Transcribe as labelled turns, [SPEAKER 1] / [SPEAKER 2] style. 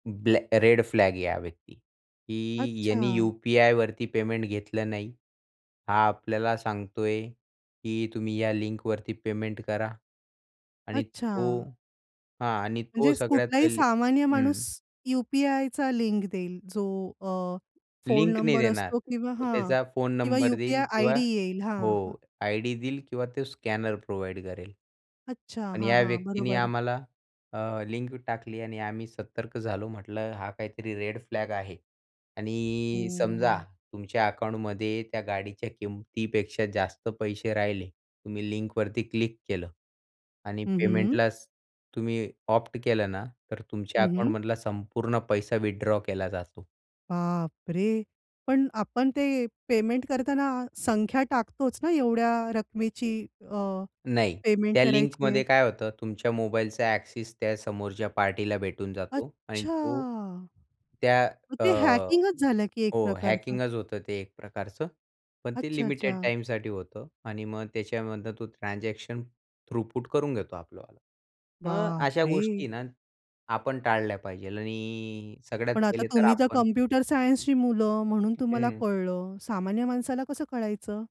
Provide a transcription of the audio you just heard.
[SPEAKER 1] ब्लॅ red flag आहे हा व्यक्ती की यांनी
[SPEAKER 2] अच्छा.
[SPEAKER 1] यू-पी-आय वरती पेमेंट घेतलं नाही. हा आपल्याला सांगतोय की तुम्ही या लिंकवरती पेमेंट करा आणि तो
[SPEAKER 2] अच्छा.
[SPEAKER 1] हा आणि तो
[SPEAKER 2] म्हणजेच
[SPEAKER 1] सगळ्यात
[SPEAKER 2] कुठलाही
[SPEAKER 1] पहिले
[SPEAKER 2] सामान्य माणूस
[SPEAKER 1] हं.
[SPEAKER 2] यू-पी-आयचा लिंक देईल जो अ, फोन
[SPEAKER 1] लिंक नाही
[SPEAKER 2] नंबर
[SPEAKER 1] देणार,
[SPEAKER 2] असतो किंवा
[SPEAKER 1] तो
[SPEAKER 2] हां,
[SPEAKER 1] त्याचा फोन
[SPEAKER 2] किंवा
[SPEAKER 1] नंबर देईल
[SPEAKER 2] यू-पी-आय
[SPEAKER 1] किंवा
[SPEAKER 2] आयडी येईल हां, हां.
[SPEAKER 1] हो, आयडी देईल किंवा तो स्कॅनर प्रोव्हाईड करेल.
[SPEAKER 2] अच्छा.
[SPEAKER 1] पण
[SPEAKER 2] हां,
[SPEAKER 1] या
[SPEAKER 2] हां,
[SPEAKER 1] व्यक्तीनी
[SPEAKER 2] बरोबर.
[SPEAKER 1] आम्हाला अ, लिंक टाकली आणि आम्ही सतर्क झालो. म्हटलं हा काहीतरी रेड फ्लॅग आहे आणि समजा
[SPEAKER 2] हं.
[SPEAKER 1] तुमच्या अकाउंटमध्ये त्या गाडीच्या किमतीपेक्षा जास्त पैसे राहिले, तुम्ही लिंकवरती क्लिक केलं आणि
[SPEAKER 2] हं, हं.
[SPEAKER 1] पेमेंटलाच तुम्ही ऑप्ट केलं ना, तर तुमच्या
[SPEAKER 2] हं, हं.
[SPEAKER 1] अकाउंटमधला संपूर्ण पैसा विथड्रॉ केला जातो.
[SPEAKER 2] बापरे! पण आपण ते पेमेंट करताना संख्या टाकतोच ना, एवढ्या रकमेची, अ,
[SPEAKER 1] नाही.
[SPEAKER 2] पेमेंट
[SPEAKER 1] त्या
[SPEAKER 2] करायची आहे.
[SPEAKER 1] लिंकमध्ये काय होतं तुमच्या मोबाईलचा एक्सेस त्या समोरच्या पार्टीला भेटून जातो आणि
[SPEAKER 2] अच्छा.
[SPEAKER 1] तो, त्या
[SPEAKER 2] मग
[SPEAKER 1] अ,
[SPEAKER 2] ते हॅकिंगच झालं की एक
[SPEAKER 1] हो,
[SPEAKER 2] प्रकारचं.
[SPEAKER 1] हॅकिंगच होतं ते एक प्रकारचं. पण ते
[SPEAKER 2] अच्छा,
[SPEAKER 1] लिमिटेड
[SPEAKER 2] अच्छा.
[SPEAKER 1] टाईमसाठी होतं आणि मग त्याच्यामधनं तो ट्रान्झॅक्शन थ्रुपूट करून घेतो आपलं वाल. मग अशा
[SPEAKER 2] बापरे!
[SPEAKER 1] गोष्टी ना, आपण टाळल्या पाहिजे आणि सगळ्यात
[SPEAKER 2] पण आता
[SPEAKER 1] पहिले तर
[SPEAKER 2] तुम्ही तर
[SPEAKER 1] आपण
[SPEAKER 2] कॉम्प्युटर सायन्सची मुलं म्हणून तुम्हाला
[SPEAKER 1] हं.
[SPEAKER 2] कळलं, सामान्य माणसाला कसं कळायचं?